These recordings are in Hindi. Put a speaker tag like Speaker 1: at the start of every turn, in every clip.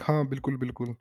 Speaker 1: हाँ, बिल्कुल, बिल्कुल।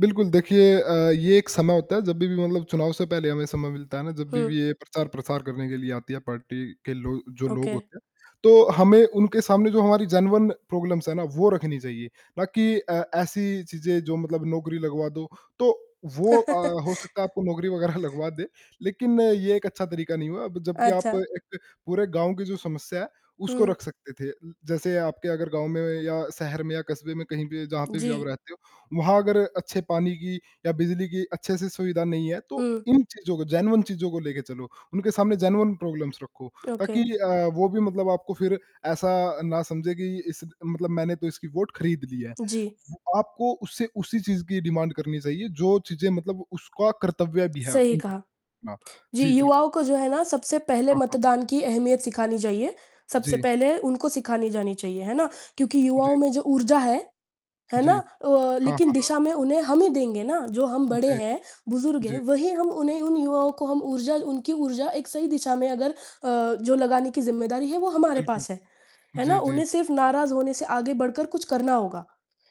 Speaker 1: बिल्कुल, देखिए अ, ये एक समय होता है, जब भी मतलब चुनाव से पहले हमें समय मिलता है ना, जब
Speaker 2: हुँ।
Speaker 1: भी भी ये प्रचार-प्रसार करने के लिए आती है, पार्टी के लो जो लोग
Speaker 2: ओके।
Speaker 1: होते हैं, तो हमें उनके सामने, जो हमारी जेन्युइन प्रॉब्लम्स हैं ना, वो रखनी चाहिए, ना कि अ, ऐसी चीज़ें, जो मतलब नौकरी लगवा दो। तो वो अ, हो सकता है, आपको नौकरी वग़ैरह लगवा दें, लेकिन ये एक अच्छा तरीका नहीं हुआ। ब जबकि आप
Speaker 2: अच्छा।
Speaker 1: एक पूरे गाँव की जो समस्या है, उसको
Speaker 2: हुँ।
Speaker 1: रख सकते थे उम, जैसे आपके अगर गाँव में, या शहर में या कस्बे में, कहीं पे, जहाँ पे भी आप
Speaker 2: जी।
Speaker 1: रहते हो, वहाँ अगर अच्छे पानी की या बिजली की अच्छे से सुविधा नहीं है, तो
Speaker 2: हुँ।
Speaker 1: इन चीज़ों को, जेन्युइन चीज़ों को लेके चलो। उनके सामने जेन्युइन प्रॉब्लम्स रखो,
Speaker 2: ओके।
Speaker 1: ताकि अ, वो भी मतलब आपको फिर ऐसा ना समझें कि इस मतलब, "मैंने तो इसकी वोट खरीद ली है।"
Speaker 2: जी।
Speaker 1: वो आपको उससे उसी चीज़ की डिमांड करनी चाहिए, जो चीज़ें मतलब उसका कर्तव्य भी है।
Speaker 2: सही
Speaker 1: उम,
Speaker 2: कहा।
Speaker 1: हाँ।
Speaker 2: जी,
Speaker 1: जी, बिल
Speaker 2: युवाओं को, जो है ना, सबसे पहले
Speaker 1: हाँ, हाँ।
Speaker 2: मतदान की अहमियत सिखानी चाहिए, सबसे
Speaker 1: जी।
Speaker 2: पहले उनको सिखानी जानी चाहिए, है ना? क्योंकि युवाओं
Speaker 1: जी।
Speaker 2: में जो ऊर्जा है, है
Speaker 1: जी।
Speaker 2: ना? अ,
Speaker 1: हाँ,
Speaker 2: लेकिन
Speaker 1: हाँ, हाँ।
Speaker 2: दिशा में उन्हें हम ही देंगे ना, जो हम बड़े
Speaker 1: जी।
Speaker 2: हैं, बुज़ुर्ग हैं,
Speaker 1: जी।
Speaker 2: वही हम उन्हें उन युवाओं को हम ऊर्जा उनकी ऊर्जा एक सही दिशा में अगर अ, जो लगाने की ज़िम्मेदारी है, वो हमारे
Speaker 1: बिल्कुल।
Speaker 2: पास है। है ना?
Speaker 1: जी, जी।
Speaker 2: उन्हें सिर्फ़ नाराज़ होने से आगे बढ़कर कुछ करना होगा।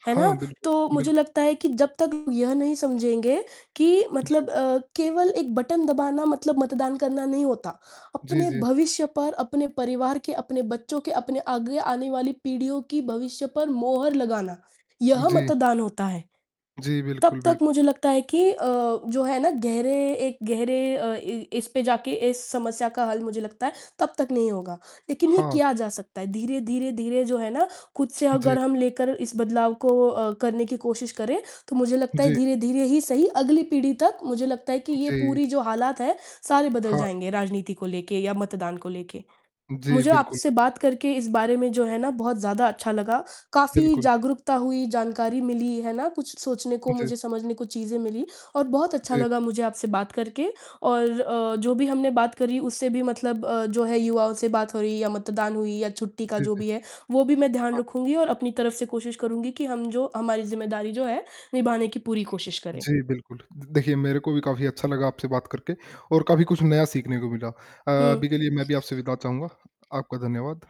Speaker 2: है
Speaker 1: हाँ,
Speaker 2: ना?
Speaker 1: बिल्कुल,
Speaker 2: तो मुझे
Speaker 1: बिल्कुल।
Speaker 2: लगता है कि जब तक यह नहीं समझेंगे कि
Speaker 1: जी।
Speaker 2: मतलब अ, केवल एक बटन दबाना मतलब मतदान करना नहीं होता,
Speaker 1: जी,
Speaker 2: अपने
Speaker 1: जी।
Speaker 2: भविष्य पर, अपने परिवार के, अपने बच्चों के, अपने आगे आने वाली पीढ़ियों की भविष्य पर मोहर लगाना,
Speaker 1: उ,
Speaker 2: यह
Speaker 1: जी।
Speaker 2: मतदान होता है।
Speaker 1: जी,
Speaker 2: तब
Speaker 1: बिल्कुल,
Speaker 2: तक
Speaker 1: बिल्क
Speaker 2: मुझे लगता है कि अ, जो है ना, गहरे एक गहरे अ, इ इस पे जाके, इस समस्या का हल, मुझे लगता है, तब तक नहीं होगा, लेकिन ये
Speaker 1: हाँ।
Speaker 2: किया जा सकता है, धीरे-धीरे, धीरे, जो है ना, खुद से
Speaker 1: जी।
Speaker 2: अगर हम लेकर इस बदलाव को अ, करने की कोशिश करें, तो मुझे लगता है,
Speaker 1: जी।
Speaker 2: धीरे-धीरे ही सही, अगली पीढ़ी तक, मुझे लगता है कि
Speaker 1: उ,
Speaker 2: ये
Speaker 1: जी।
Speaker 2: पूरी जो हालात हैं, सारे बदल
Speaker 1: हाँ।
Speaker 2: जाएँगे, राजनीति को लेके या मतदान को लेके।
Speaker 1: जी,
Speaker 2: मुझे
Speaker 1: बिल्कुल,
Speaker 2: आपसे
Speaker 1: बिल
Speaker 2: बात करके, इस बारे में, जो है ना, बहुत ज़्यादा अच्छा लगा, काफ़ी
Speaker 1: बिल्कुल।
Speaker 2: जागरूकता हुई, जानकारी मिली, है ना? कुछ सोचने को,
Speaker 1: जी।
Speaker 2: मुझे समझने को चीज़ें मिली, और बहुत अच्छा
Speaker 1: जी।
Speaker 2: लगा मुझे आपसे बात करके और अ, जो भी हमने बात करी, उससे भी मतलब अ, जो है, युवाओं से बात हो रही या मतदान हुई या छुट्टी का
Speaker 1: जी,
Speaker 2: जो
Speaker 1: जी।
Speaker 2: भी है, वो भी मैं ध्यान
Speaker 1: हाँ।
Speaker 2: रखूँगी और अपनी तरफ से कोशिश करूँगी कि हम जो हमारी ज़िम्मेदारी जो है, निभाने की पूरी कोशिश करें।
Speaker 1: जी, बिल्कुल। द देखिए, मेरे को भी काफ़ी अच्छा लगा आपसे बात करके, और काफ़ी कुछ नया सीखने को मिला। अ,
Speaker 2: हुँ।
Speaker 1: अभी के लिए मैं भी आपसे विदा चाहूँगा, आपका धन्यवाद।